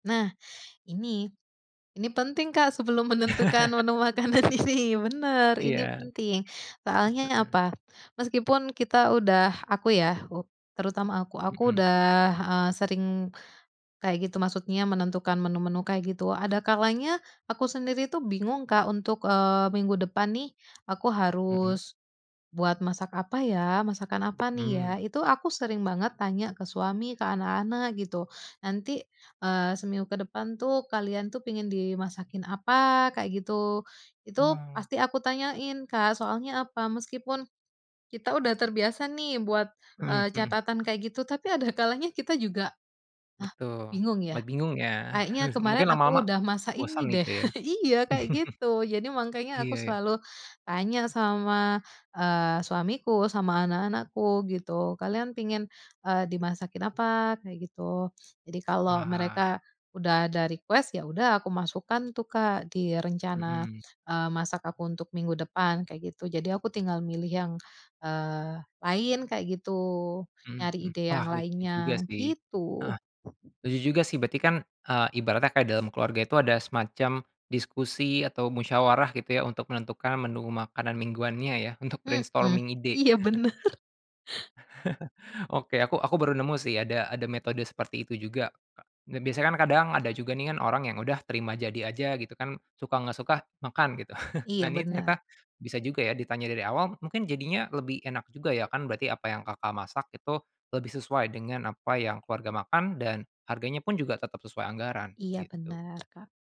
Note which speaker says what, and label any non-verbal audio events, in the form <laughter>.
Speaker 1: Nah, ini, ini penting, Kak, sebelum menentukan menu
Speaker 2: <chuckles>
Speaker 1: makanan ini bener, ini
Speaker 2: Iya.
Speaker 1: penting soalnya
Speaker 2: Heeh.
Speaker 1: apa, meskipun kita udah aku ya terutama aku aku
Speaker 2: Mhm.
Speaker 1: udah, eee, sering kayak gitu, maksudnya menentukan menu-menu kayak gitu, ada kalanya aku sendiri tuh bingung, Kak, untuk, eee, minggu depan nih aku
Speaker 2: Mhm.
Speaker 1: harus, buat masak apa ya? Masakan apa nih ya?
Speaker 2: Hmm.
Speaker 1: Itu aku sering banget tanya ke suami ke anak-anak gitu. Nanti, eee, seminggu kedepan tuh kalian tuh pengen dimasakin apa? Kayak gitu. Itu
Speaker 2: Hmm.
Speaker 1: pasti aku tanyain, Kak, soalnya apa, meskipun kita udah terbiasa nih buat,
Speaker 2: Mhm
Speaker 1: eee,
Speaker 2: mhm.
Speaker 1: catatan kayak gitu tapi ada kalanya kita juga, hah
Speaker 2: Betul,
Speaker 1: bingung
Speaker 2: ma
Speaker 1: ya,
Speaker 2: bingungnya,
Speaker 1: kayaknya
Speaker 2: <chuckles>
Speaker 1: kemarin
Speaker 2: mungkin
Speaker 1: aku
Speaker 2: lama-lama,
Speaker 1: udah masak
Speaker 2: bosan
Speaker 1: ini deh,
Speaker 2: gitu ya?
Speaker 1: <chuckles> iya kayak gitu jadi
Speaker 2: <chuckles>
Speaker 1: makanya
Speaker 2: Iya
Speaker 1: aku
Speaker 2: iya.
Speaker 1: selalu tanya sama, eee, suamiku sama anak-anakku gitu kalian pingin, eee, dimasakin apa? Kayak gitu. Jadi kalau
Speaker 2: Wah.
Speaker 1: mereka udah ada request ya udah, aku masukkan tuh, Kak, di rencana,
Speaker 2: Mhm.
Speaker 1: eee, masak aku untuk minggu depan, kayak gitu. Jadi aku tinggal milih yang, eee, lain kayak gitu,
Speaker 2: Mhm
Speaker 1: nyari
Speaker 2: mhm,
Speaker 1: ide yang
Speaker 2: wah lucu juga
Speaker 1: lainnya,
Speaker 2: sih
Speaker 1: gitu.
Speaker 2: heeh. Lucu juga sih, berarti kan, eee, ibaratnya dalam keluarga itu ada semacam diskusi, atau musyawarah gitu ya untuk menentukan menu makanan mingguannya ya untuk
Speaker 1: Mhm,
Speaker 2: brainstorming ide.
Speaker 1: iya
Speaker 2: <chuckles>
Speaker 1: bener.
Speaker 2: <chuckles> Oke aku aku baru nemu sih ada ada metode seperti itu juga. Biasanya kan kadang ada juga nih kan orang yang udah terima jadi aja gitu kan, suka nggak suka makan gitu. <chuckles> Nah,
Speaker 1: Iya,
Speaker 2: ini
Speaker 1: bener.
Speaker 2: ternyata bisa juga ya ditanya dari awal mungkin jadinya lebih enak juga ya kan, berarti apa yang, Kakak, masak itu lebih sesuai dengan apa yang keluarga makan dan harganya pun juga tetap sesuai anggaran
Speaker 1: Iya
Speaker 2: gitu.
Speaker 1: benar, Kak.